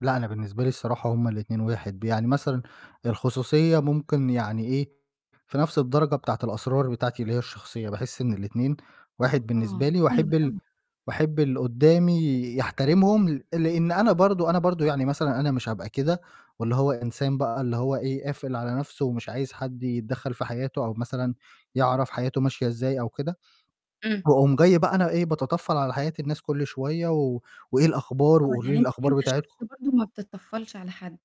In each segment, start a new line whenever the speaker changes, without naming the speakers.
لأ، أنا بالنسبة لي الصراحة هُم الاتنين واحد، ب يعني مثلًا الخصوصية ممكن يعني إيه، في نَفْس الدرجة بتاعة الأسرار بتاعتي اللي هي الشخصية، باحس إن الاتنين واحد بالنسبة
آه،
لي
حلو
وأحب ال
أوي.
وأحب اللي قدّامي يحترمهم ل لإن أنا برضه أنا برضه يعني مثلًا أنا مش هابقى كده، واللي هو إنسان بقى اللي هو إيه، قافل على نفْسُه ومش عايز حد يتدخّل في حياتُه أو مثلًا يعرف حياته ماشية إزاي أو كده،
إمم.
واقوم جاي بقى أنا إيه باتطفّل على حياة الناس كُلّ شوية و وإيه الأخبار
آه،
وقولوا لي
يعني أنت
الأخبار
أنت شخص
بتاعتكم.
برضه ما بتطفّلش على حد.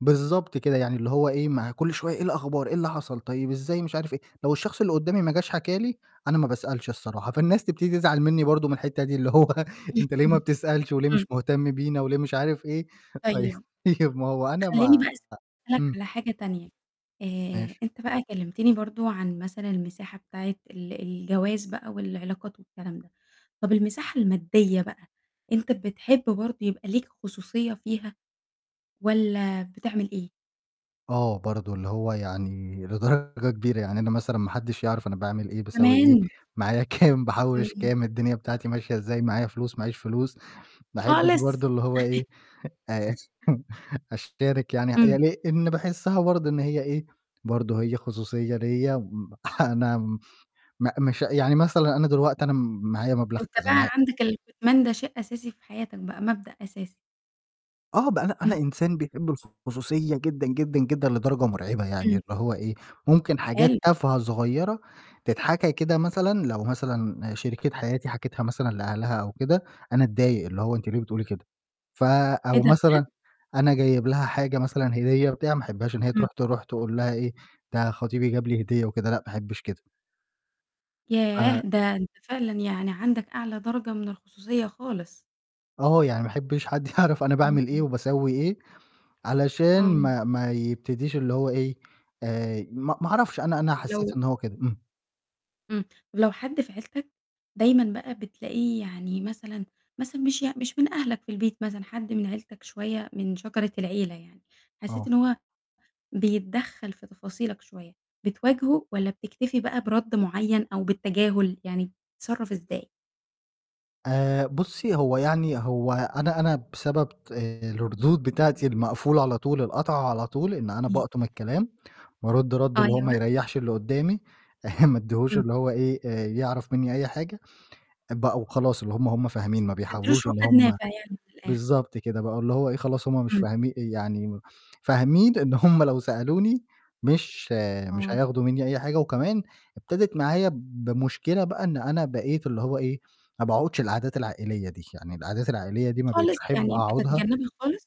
بالضبط كده، يعني اللي هو إيه، ما هي كُلّ شوية إيه الأخبار؟ إيه اللي حصل؟ طيب إزاي مش عارف إيه، لو الشخص اللي قدّامي ما جاش حكى لي، أنا ما باسألش الصراحة، فالناس تبتدي تزعل مني برضه من الحتّة دي اللي هو أنت ليه ما
[unintelligible]
بتسألش وليه
إمم.
مش مهتم بينا وليه مش عارف إيه، طيب
طيب،
ما هو أنا
خلّيني بقى
ما
أسألك
إمم.
على حاجة تانية، آآ،
ماشي.
أنت بقى كلّمتني برضه عن مثلًا المساحة بتاعة ال الجواز بقى والعلاقات والكلام ده، طَب المساحة المادية بقى، أنت بتحب برضه يبقى ليك خصوصية فيها، والَّا بتعمل إيه؟
آه، برضه اللي هو يعني لدرجة كبيرة، يعني أنا مثلًا ما حدّش يعرف أنا باعمل إيه باسوّي إيه،
تمام.
معايا كام باحوّش
إمم.
كام، الدنيا بتاعتي ماشية إزاي، معايا فلوس ما عيش فلوس، ما أحبّش
خالص.
برضه اللي هو إيه، آآ أشترك يعني يعني
إمم.
لإن باحسّها برضه إن هي إيه، برضه هي خصوصية ليّا م أنا م م مش يعني مثلًا أنا دلوقتي أنا معايا مبلغ
أنت
كذا
بقى
معايا
عندك الكتمان ده شيء أساسي في حياتك بقى، مبدأ أساسي.
آه ب أنا
إمم.
أنا إنسان بيحب الخصوصية جدًا، جدًا، جدًا، لدرجة مرعبة يعني
إمم.
اللي هو إيه، ممكن
حلو.
حاجات تافهة صغيّرة تتحكى كده مثلًا، لو مثلًا شريكة حياتي حكِتها مثلًا لأهلها أو كده، أنا أتضايق اللي هو أنتِ ليه بتقولي كده، ف
إيه
أو
ده
مثلًا
بجد؟
أنا جايب لها حاجة مثلًا، هدية، بتاع، ما أحبهاش إن هي
إمم.
ترُوح ترُوح تقول لها إيه، ده خطيبي جاب لي هدية وكده، لأ ما أحبش كده.
ياه!
ف
ده أنت فعلًا يعني عندك أعلى درجة من الخصوصية خالص.
آه، يعني ما أحبش حد يعرف أنا
إمم،
باعمل إيه
إمم.
وباسوّي إيه، علشان
آه.
ما ما يبتديش اللي هو إيه، آآ، ما ما أعرفش أنا أنا
طب
حسّيت
لو
إن هو كده. إمم.
إمم، ولو حد في عيلتك، دايمًا بقى بتلاقيه يعني مثلًا مثلًا مش يع مش من أهلك في البيت مثلًا، حد من عيلتك شوية من شجرة العيلة يعني، حسّيت
آه.
إن هو بيتدخّل في تفاصيلك شوية، بتواجهُه والَّا بتكتفي بقى برَدّ معيّن أو بالتجاهل؟ يعني بتتصرّف إزاي؟
آآ، بُصّي، هو يعني هو أنا أنا بسبب الردود بتاعتي المقفولة على طول القاطعة على طول، إن أنا
إمم.
باقطُم الكلام، وارُدّ رَدّ اللي هو
أيوه.
ما يريّحش اللي قدّامي، ما ادّيهوش
إمم.
اللي هو إيه، آآ يعرف مني أي حاجة، بقوا خلاص اللي هُم، هُم فاهمين ما
ما بتدّيلوش
بيحاولوش إن
عقاد
هُم
نافع يعني من الآخر.
بالضبط كده، بقى اللي هو إيه خلاص هُم مش
إمم.
فاهمي يعني فاهمين إن هُم لو سألوني مش مش
آه.
هياخدوا مني أي حاجة، وكمان ابتدت معايا بمشكلة بقى إن أنا بقيت اللي هو إيه، ما باقعدش القعدات العائلية دي، يعني القعدات العائلية دي ما بقيتش
خالص،
أحب
يعني
أقعدها
بتتجنّبها خالص؟